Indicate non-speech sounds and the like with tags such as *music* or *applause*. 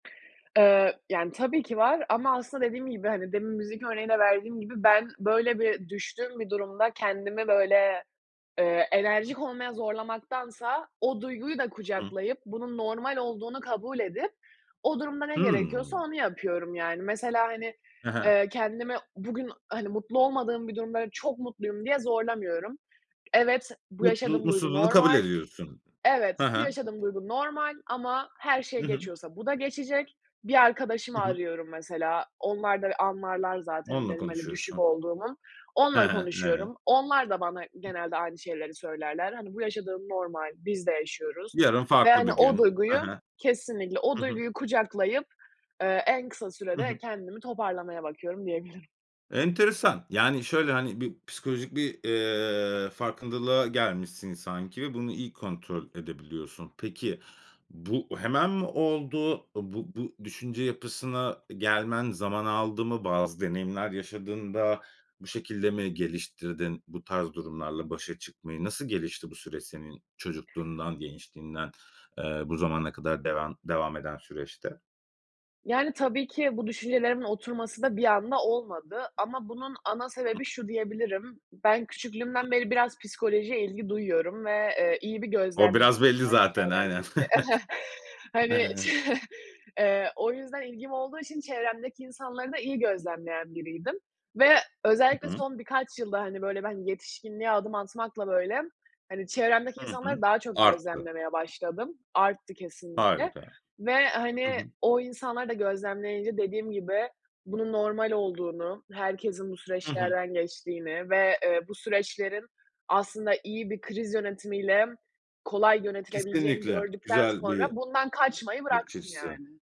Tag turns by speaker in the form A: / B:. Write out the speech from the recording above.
A: Eee, yani, tabii ki var ama aslında dediğim gibi, hani, demin müzik örneği de verdiğim gibi ben böyle bir düştüğüm bir durumda kendimi, böyle, eee, enerjik olmaya zorlamaktansa o duyguyu da
B: Hı hı.
A: kucaklayıp bunun normal olduğunu kabul edip o durumda ne gerekiyorsa
B: Hımm.
A: onu yapıyorum, yani. Mesela, hani,
B: He he.
A: eee, kendimi bugün, hani, mutlu olmadığım bir durumda, böyle, çok mutluyum diye zorlamıyorum. Evet, bu
B: Mutlu,
A: yaşadığım duygu
B: mutsuzluğunu kabul
A: normal.
B: ediyorsun,
A: Evet,
B: he
A: bu
B: he.
A: yaşadığım duygu normal ama her şey
B: Hı hı.
A: geçiyorsa bu da geçecek. Bir arkadaşımı
B: Hı hı.
A: arıyorum mesela, onlar da anlarlar zaten
B: Onunla
A: benim, hani, düşük
B: konuşuyorsun.
A: olduğumu,
B: He,
A: onunla
B: he. Evet.
A: konuşuyorum. Onlar da bana genelde aynı şeyleri söylerler. Hani: "Bu yaşadığın normal, biz de yaşıyoruz."
B: Yarın
A: ve,
B: farklı
A: hani,
B: bir
A: o
B: gün. He
A: duyguyu
B: he,
A: kesinlikle o
B: hı hı.
A: duyguyu kucaklayıp, eee, en kısa
B: Hı
A: sürede
B: hı.
A: kendimi toparlamaya bakıyorum diyebilirim.
B: Enteresan, yani, şöyle, hani, bir pisikolojik, bir, eee, farkındalığa gelmişsin, sanki, ve bunu iyi kontrol edebiliyorsun. Peki, bu hemen mi oldu? Iıı, bu bu düşünce yapısına e gelmen zaman aldı mı? Bazı deneyimler yaşadın da bu şekilde mi geliştirdin bu tarz durumlarla başa çıkmayı? Nasıl gelişti bu süreç senin çocukluğundan, gençliğinden, eee, bu zamana kadar devam devam eden süreçte?
A: Yani, tabii ki bu düşüncelerimin oturması da bir anda olmadı, ama bunun ana
B: Hıh.
A: sebebi şu diyebilirim, ben
B: Hıh.
A: küçüklüğümden beri biraz psikolojiye ilgi duyuyorum ve, eee, iyi bir
B: O
A: gözlemciyim,
B: biraz belli
A: yani,
B: zaten aynen,
A: çevremdeki, *chuckles*
B: *chuckles*
A: hani, çe
B: he.
A: eee, o yüzden ilgim olduğu için çevremdeki insanları da iyi gözlemleyen biriydim ve
B: Hı
A: özellikle
B: hı.
A: son birkaç yılda, hani, böyle, ben yetişkinliğe adım atmakla, böyle, hani, çevremdeki
B: Hı hı,
A: insanları daha çok
B: arttı.
A: gözlemlemeye başladım. Arttı kesinlikle
B: Harika,
A: ve,
B: hı
A: hani,
B: hı.
A: o insanları da gözlemleyince dediğim gibi bunun normal olduğunu, herkesin bu
B: Hı hı.
A: süreçlerden geçtiğini ve, eee, bu süreçlerin aslında iyi bir kriz yönetimiyle kolay yönetilebileceğini
B: Kesinlikle,
A: gördükten
B: güzel
A: sonra
B: bir
A: bundan kaçmayı
B: bakış
A: bıraktım,
B: açısı.
A: yani.